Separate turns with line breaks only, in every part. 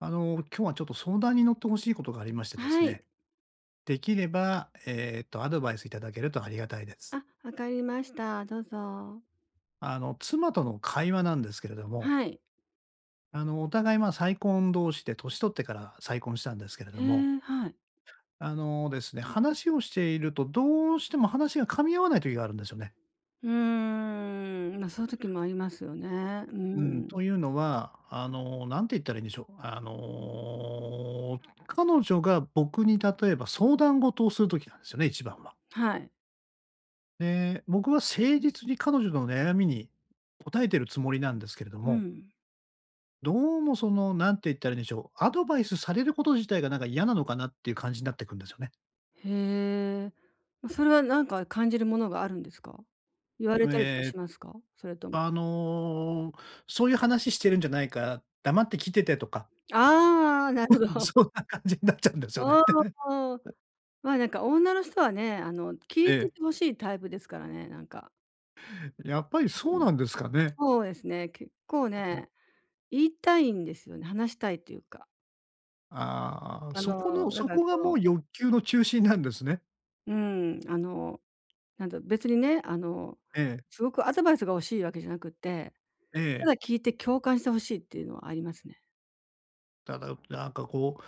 あの、今日はちょっと相談に乗って欲しいことがありましてです
はい。
ね。出来ればええと、アドバイスいただけるとありがたいです。
あ、分かりました。どうぞ。
あの、妻との会話なんですけれども。
はい。
あの、お互い、ま、再婚同士で年取ってから再婚したんですけれど
へ
も。
え、はい。
あのですね、話をしていると、どうしても話が噛み合わない時があるんですよね。
うーん。ま、そういう時もありますよね。う
うん、
ん。
というのは、あの、何て言ったらいいんでしょう？あの、彼女が僕に、例えば、相談事をする時なんすよね、一番は。
はい。
で、僕は誠実に彼女の悩みに、答えているつもりなんですけれど
う
も。
ん。
どうもその、何て言ったらいいんでしょう、アドバイスされること自体がなんか嫌なのかな？っていう感じなってくんですよね。
へえ、ま、それは何か感じるものがあるんですか？言われたりとか
え、
しますか？それとも。
あの、そういう話ししてるんじゃないから、黙って聞いててとか。
ああ、なる ほど。
そんな感じになっちゃうんですよ
あ
ね。
あ、ああ、ま、なんか女の人はね、あの、聞
え
いて
え。
て欲しいタイプですからね、なんか。
やっぱりそ
う
う
ん。
なんですかね。
そうですね。結構
あ、うん。
ね、言いたいんですよね。話したいというか。
ああ、
あ
そこの
の、だ
そ
から、
こが
こ
も
う
う欲求の中心なんですね。
うーん。あの、なんだろ。別にね、あの、
ええ。
すごくアドバイスが欲しいわけじゃなくって、
え
た
え。
だ聞いて共感して欲しいっていうのはありますね。
ただ、なんかこう、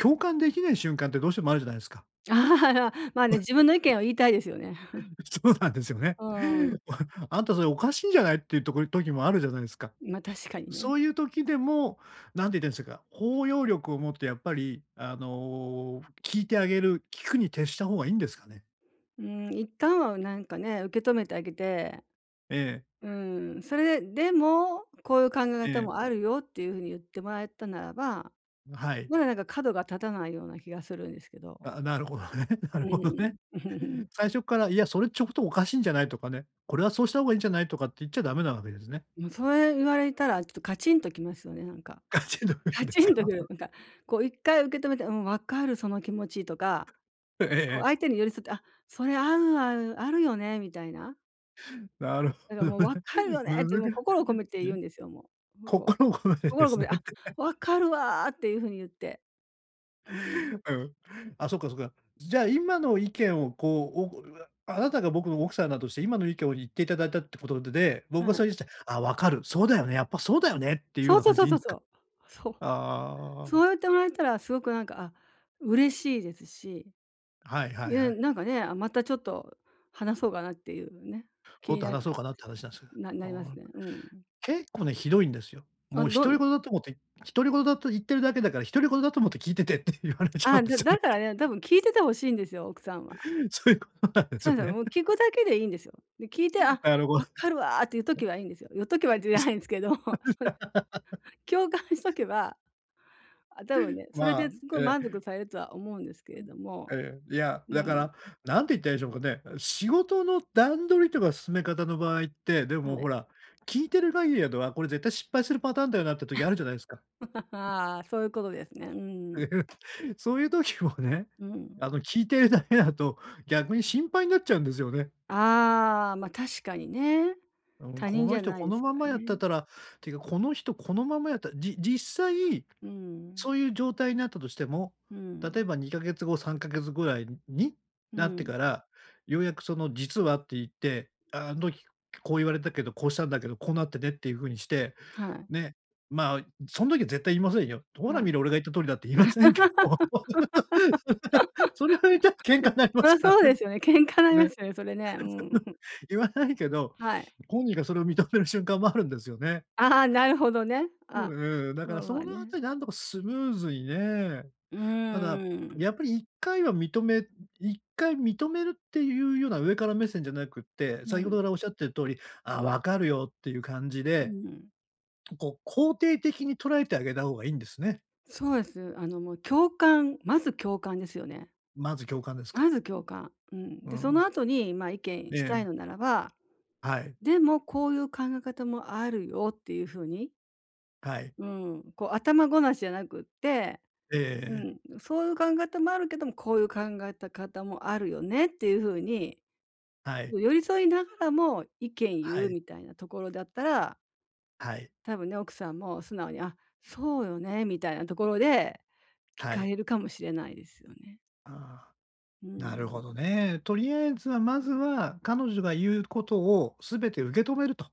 共感できない瞬間ってどうしてもあるじゃないすか。
まあね。自分の意見を言いたいですよね。
そうなんですよね。
うーん。
あんたそれ、おかしいんじゃないっていうところ時もあるじゃないすか。
ま、確かに
そ
ね。
ういう時でも、なんて言っってんしぇか、包容力を持ってやっぱり、あの、聞いてあげる、聞くに徹した方がいいんですかね。
うーん、一旦は、なんかね、受け止めてあげて
ええ。
うーん、それで、でも、こういう考え
え
方
え。
もあるよ、っていうふうに言ってもらえたならば、
ん、はい。
まだなんか、角が立たないような気がするんですけど。
あ、なるほどね、な
う
るほど
ーん。
ね。最初から、いやそれちょっと、おかしいんじゃないとかね。これはそうした方がいいんじゃないとかって言っちゃダメなわけですね。
も、それ言われたら、ちょっとカチンときますよね、なんか。
カチンとくる
カ
んで
チ
す
ンと
か。
くる、なんか。こう、一回受け止めて、「うん、分かるその気持ち」とか、
ふ、えええ
こう、
え。
相手に寄り添って、あ、それ、ある、ある、あるよね、みたいな。
なるほ
え、で、
ど
もう
ね。
分かるよね、って
難
もう
し
心を込めて
いす
言う
ね。
んですよ、もう、むこ
心ことでで
心を込
すね
め
っ
あ、
て。
わかるわっていう風に言って。うん。
うん。あ、そっかそっか。じゃあ、今の意見をこう、お [unintelligible] あなたが僕の奥さんだとして、今の意見を言っていただいたってことでで、僕が
は
さ
い。
いして、ああ、分かる、そうだよね、やっぱそうだよねっていうよう
そう
な
そ
感
う
じ
そ
で
う
いいん
そう
で
そ
か？
う。そう。
あ
そ
あ。
う言ってもらえたらすごくなんか、あ、嬉しいですし。
はいはい
う
はい。
ん、なんかね、あ、またちょっと話そうかなっていうね、気
もっ
に
と
なっ
話そ
て
うかなって話なんです。
な
あ
なります
ん。
ね。うん。
結構ね、ひどいんですよ。
あ、
もう
ど
独
ん
り言だと思って独り言だと言ってるだけだから独り言だと思って聞いててって言われちゃう
あ、
んで
だ
すよね。
だからね、あ、多分聞いてて欲しいんですよ、奥さんは。
そういうことなんです
そ
よ
うすよ、
ね。
もう聞くだけでいいんですよ。で、聞いて、あ、
なるご
分
す。
かるわっていうときはいいんですよ。言っとけばじゃないんですけど、ほん 共感しとけば、あ、多分ね、それ
ま
で
あ、
すごい
ええ。
満足されるとは思うんですけ
う
れ
ん、
ども、
ええ、いや、
う
だか
ん。
ら何て言ったらいいんでしょうかね。仕事の段取りとか進め方の場合って、でも
は
ほ
い。
ら、聞いてる限りだと、あ、これ絶対失敗するパターンだよなって時あるじゃないすか。
ああ、そういうことですね。うん。
そういう時もね、
うん。
あの、聞いてるだけだと逆に心配になっちゃうんですよね。
ああ、まあ、確かにね。
うーん。
他
こ
人
の
じゃ
人
ない
こ
で
の
す
ま
から
まやって
ね。
たらっていうか、この人このままやったら、じ実際
うん。
そういう状態になったとしても、
う
例
ん。
えば、2か月後、3か月後ぐらいに
う
なって
ん。
から、ようやくその実はって言って、あん時こう言われたけど、こうしたんだけど、こうなってねっていう風にして、
はい。
ね、まあ、そん時は絶対言いませんよ。ほら
は
見
い。
ろ、俺が言った通りだって言いませんけど。それを言った喧嘩になり ま
そりゃ
すか
そう
ら
で
ね。
すよね。喧嘩にな
それ、
りますよね、それね。う
その、
ん。
言わないけど、
はい。
本人がそれを認める瞬間もあるんですよね。
ああ、なるほどね。
う
あ、
んうん、だか
ま
ら
あ
そ
まあ
のあた
ね。
りなんとかスムーズにね、
う
ただ、
ーん。
やっぱり一回は認め一回認めるっていうような上から目線じゃなくって、
う
先ほど
ん。
からおっしゃってる通り、ああ、分かるよっていう感じ
う
で、
ん。
こう肯定的に捉えてあげた方がいいんですね。
そうです。あの、もう共感、まず共感ですよね。
まず共感ですか？
まず共感、うん。
う
で、その
ん。
後にまあ、意
え
見したい
え。
のならば、
はい。
でも、こういう考え方もあるよっていうふうに
はい。
うん、こう、頭ごなしじゃなくって、う
ええ。
ん、そういう考えたまるけども、こういう考えた方もあるよねっていうふうに、
はい。
こう寄り添いながらも意見言
は
う
い。
みたいなところだったら
はい。
多分ね、奥さんも素直に、あ、そうよねみたいなところで、聞
は
か
い。
れるかもしれないですよね。
ああ、
う
なる
ん。
ほどね。とりあえずはまずは彼女が言うことをすべて受け止めると。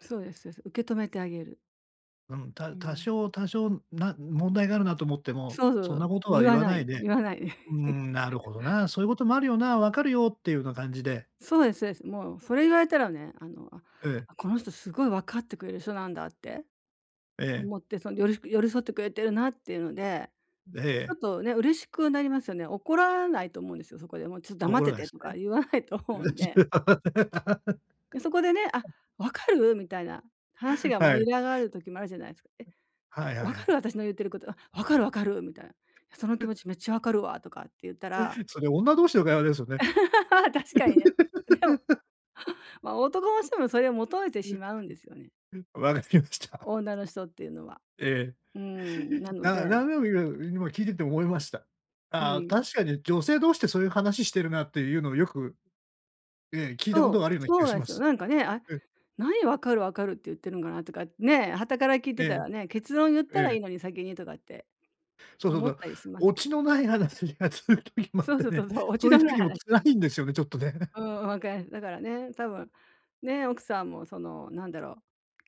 そうですそうです。受け止めてあげる。
うん、
う
た多
ん。
少多少な問題があるなと思っても、
そうそう
そ
そ
んな
う、
ことは
言
言
わ
わ
な
ない
い、
で、
言わない。
「うーん、なるほど な、そういうこともあるよな、分かるよ」っていうような感じで。
そうですそうです。もうそれ言われたらね、あの、
ええ。
あ、この人すごいわかってくれる人なんだって
ええ。
思ってその寄り寄り添ってくれてるなっていうので、
え
ちょ
え。
っとね、嬉しくなりますよね。怒らないと思うんですよ、そこでもうちょっ黙っ
怒ら
て
ない
て
す
とか
ね。
言わないと思うんで。でそこでね、「あ、分かる？」みたいな話が
は
盛
い。
り上がる時もあるじゃないすか。「え、
はいは
わ
いは
か
い。
る、私の言ってること」「分かる分かる」みたいな。「その気持ち めっちゃわかるわ」とかって言ったら。
それ女同士の会話ですよね。
確かにね。でも ま、男の人もそれを求めてしまうんですよね。
わかりました。
女の人っていうのは、
え
うん、な
え、
ので。
な何でも今、今聞いてて思いました。
う
ああ、
ん。
確かに女性同士でそういう話してるなっていうのをよく、ええ、聞いたこ
そう、
とがあるような気
そ
が
うな
し
んで
ま
すよ。
す。
なんかね、あ、
うん。
何分かる分かるって言ってるのかなとかね、傍から聞いて
え
た
え。
らね、結論言っ
え
たらい
え。
いのに先にとかって
そうそう
思
そ
っ
う。
たりします
オ
けど。
チのない話が続く時もあっ
そう
て
そうそ
ね、
うそう、落ち
そうい
の
う
ない
時も
話
辛
で。
いんですよね、ちょっとね。
う ん、分かる。だからね、多分ね、奥さんもそのなんだろう、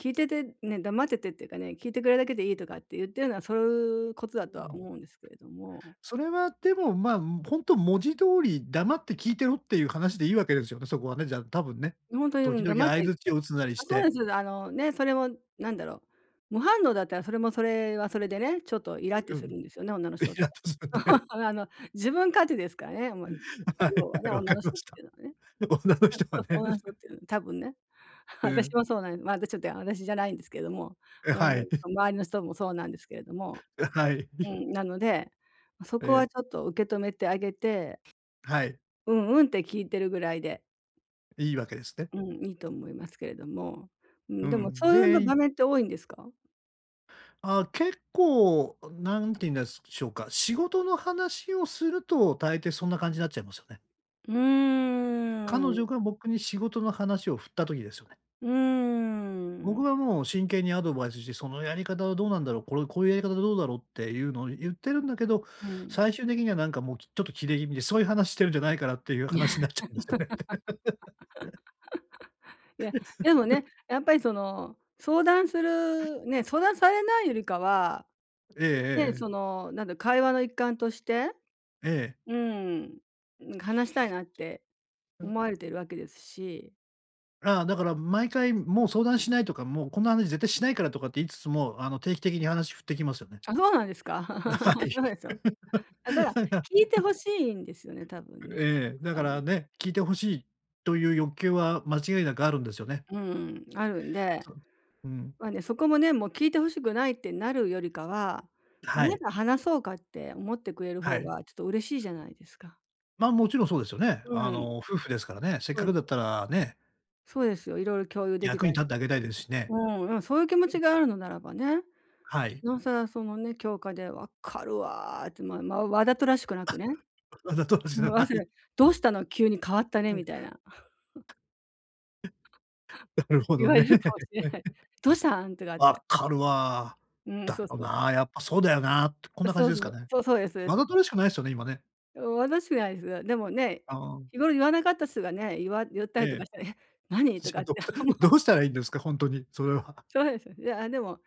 聞いててね、黙っててっていうかね、聞いてくれるだけでいいとかって言ってるのはそういうこと
う
だとは
ん。
思うんですけれども。
それはでもま、ほんと、文字通り黙って聞いてろっていう話でいいわけですよね、そこはね、じゃあ多分ね、
ほんとにも
時
う
々
黙っ
相
て
槌を打つなり
あ、
し
そうで
て。
す。あのね、それも、なんだろう、無反応だったらそれも、それはそれでね、ちょっとイラッて
う、う
す
ん。
るんですよね、女の人っ
イ
て。
ラっとするんでね。
あの、自分勝手ですからね、もう
は
要
い、
はね、
はい、わ
女
か
の
りま
人っ
した。
ていうのはね。
女の
あ、
人
そ
は
う、
ね。
女の人っ て、多分ね、
う
私
ん。
もそうなんです。まだちょっと私じゃないんですけども、
う、
うーん、
はい。
周りの人もそうなんですけれども。
う、はい。
う ん、なので、そ
え
こは
え。
ちょっと受け止めてあげて
はい。
うん、うんって聞いてるぐらいで。
いいわけですね。
うん、いいと思いますけれども。うん、
う
でも
ん、
そういうな
でい
場面って多いんですか？
ああ、結構何て言うんですしょうか、仕事の話をすると大抵そんな感じになっちゃいますよね。
うー
彼女
ん。
が僕に仕事の話を振った時ですよね。
うー
僕
ん。
はもう真剣にアドバイスして、「そのやり方はどうなんだろう、これ、こういうやり方はどうだろう」っていうのを言ってるんだけど、
うん。
最終的にはなんかもうちょっとキレ気味で、「そういう話してるんじゃないから」っていう、
いや。
話になっちゃうんですよね。
いや、でも ね、やっぱりその相談するね、相談されないよりかは、
ええええ
ね、
ええ。
そのなんだろう、会話の一環として、
ええ。
うーん、話したいなって
う。
思われているわけですし。
ああ、だから、毎回「もう相談しない」とか、「もうこんな話絶対しないから」とかって言いつつも、あの定期的に話振ってきますよね。
あ、そうなんですか？
は い。
そうですよ。ただ 聞いて欲しいんですよね、多分ね、
ええ。だ
さ
か
ん。
らね、聞いて欲しいという欲求は間違いなくあるんですよね。
うーん、あるんで。
そう。うん。
まあね、そこもね、もう聞いて欲しくないってなるよりかは、
は
ま
い。
だ話そうかって思ってくれる
は
方
い。
がちょっと嬉しいじゃないですか。
ま、もちろんそうですよね。
う
あ
ん。
の、夫婦ですからね、せっ
そ
か
うで
くだっ
す。
たらね。
そうですよ、色々共有でき
役
た
に
り。
立ってあげたいですしね。
うん、でもそういう気持ちがあるのならばね、
はい。
尚更そのね、共感で分かるわって、まま、わざとらしくな
あ、
くね。
わざとらしく
思いま
な
すよ。
い。
どうしたの？急に変わった
う
ね
ん。
みたいな。
なる ほ
言
ど
われ
ね。
るかもしれない。「どうしたん？」とかっ
「分
て。
かるわ。
うん、
だ
そう
よ
そう。
な、やっぱそうだよな」って、こんな感
そ
じ
う
で
そ
すか
う。
ね。
そう、そうですで
わ
す。
ざとらしくないですよね、今ね。
わざとらしくないですが。でもね、
あ。
日頃言わなかった人がね、いわ言ったりとか
ええ。
して、「え、何？」と
じゃ
か
あ
っ
どう
て
したら、
思う。
どうしたらいいんですか？ほんとに、それは。
そうですよね。いやでも、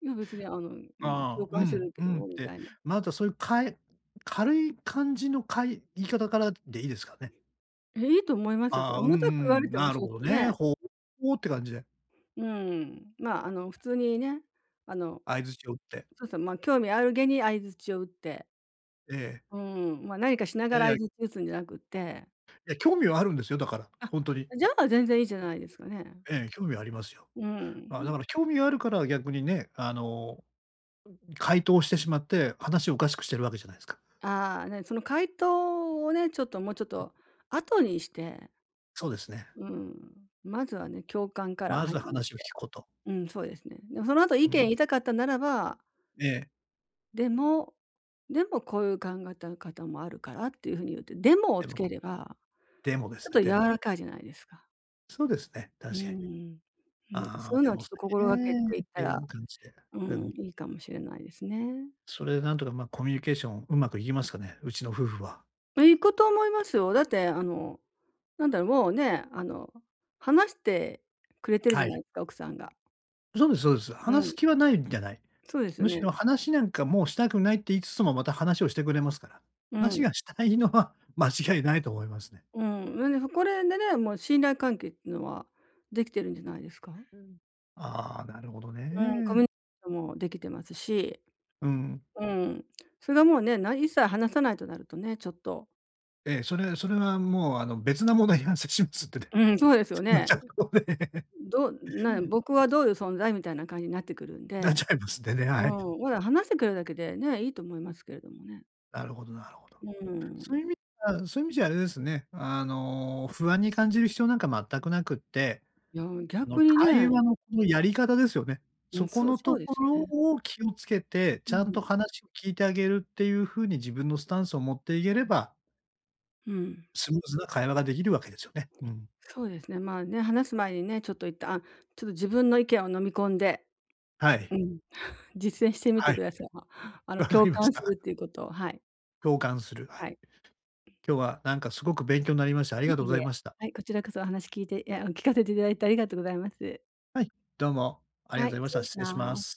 いや別にあの、うん、共
ああ、う
感して
ん、
るけ
うんっ
どみ
て、
たいな。
まだそういう、かい軽い感じの、かい言い方からでいいですかね？
え、いいと思いますよ。そ、
あ、うんう
重たく言われ
ん。
ても、
なる
ちょっ
ほど
と
ね。
ね。
ほうほうって感じで。
うん、まあ、あの普通にね、あの、
相槌を打って。
そうですね、ま、興味ある気に相槌を打って。
ええ。
うん、ま、何かしな
え、
が
い
ら
や。
相槌打つんじゃなくって。
いや、興味はあるんですよ、だから、
あ、
ほんとに。
じゃあ全然いいじゃないですかね。
え、興味はありますよ。
う
あ、だ
ん。
から興味があるから逆にね、あの、ん、回答してしまって、話をおかしくしているわけじゃないですか。
ああ、ね、その回答をね、ちょっともうちょっ
え。
と後にして
そうですね。
うん、まずはね、共感から
まず
始め
話を聞
て。
く事。
うん、そうですね。でもその後意
う
見言
ん。
いたかったならば
ええ。
「でも。でも、こういう考え方もあるから」っていうふうに言って、でもを
で
つ
も。
ければ、
でもで
ちょっ
すね。
と柔
でも。
らかいじゃないですか？
そうですね、
うー
確かに。
ん。なんか
あ
そう
あ、
いうの
で
は
も
ちょっ
そ
と
れ
心がけて言
ね、
っ
っ
た
てい
ら、
う感じで。
う
う
ん、
ん。
いいかもしれないですね。
それでなんとか、ま、コミュニケーションうまくいきますかね、うちの夫婦は。
いくと思いますよ。だってあのなんだろう、もうね、あの、話してくれてるじ
は
ゃな
い。
いですか、奥さんが。
そうですそうです。
う
話
ん。
す気はないんじゃない。
そうです
む
よ
し
ね。
ろ話なんかもうしたくないって言いつつも、また話をしてくれますから。
う
話
ん。
がしたいのは間違いないと思いますね。
うーん。うえで、ふこれでね、もう信頼関係ってのはできてるんじゃないですか？
うん。ああ、なるほど
うん、こ
ね。
みゅにしょんもできてますし。
うん。
うん、それはもうね、な一切話さないとなるとね、ちょっと。
ええ。それそれはもうあの別なものを [unintelligible] しますってて。
うん、そうですよ
[unintelligible]
ね。どうなんや、僕はどういう存在？みたいな感じになってくるん
なっ
で。
ちゃいますんでね、
うー
はい。
ん、おら、話してくれるだけで、ね、いいと思いますけれどもね。
なるほどなるほど。
うー
そうい
ん。
う意味ではそういう意味じゃあれですね、あの、不安に感じる必要なんか全くなくって、
いや、うん、
あの、
逆に
会
ね。
話のこのやり方ですよね。
うん。
そこ
そう
の
そ
と
うで
こ
す
ろ
ね。
を気をつけて、
う
ちゃんと
ん。
話を聞いてあげるっていうふうに自分のスタンスを持っていければ
うん。
スムーズな会話ができるわけですよね。うん。
そうですね。まあ、ね、話す前にね、ちょっと一旦、あ、ちょっと自分の意見を飲み込んで。
はい。
うん。実践してみ
は
て
い。
ください。ま、あの
わか
共
りまし
感す
た。
るっていうことを、はい。
共感する。は
は
い。
い。
今日はなんかすごく勉強になりました。あり
い
がと
え
うご
い
ざ
え。
いました。
はい、こちらこそお話聞いていや、あ、聞かせていただいてありがとうございます。
はい、どうもあり
は
が
い、
とうご
失
ざいました。
礼し
失礼しま
ます。
す。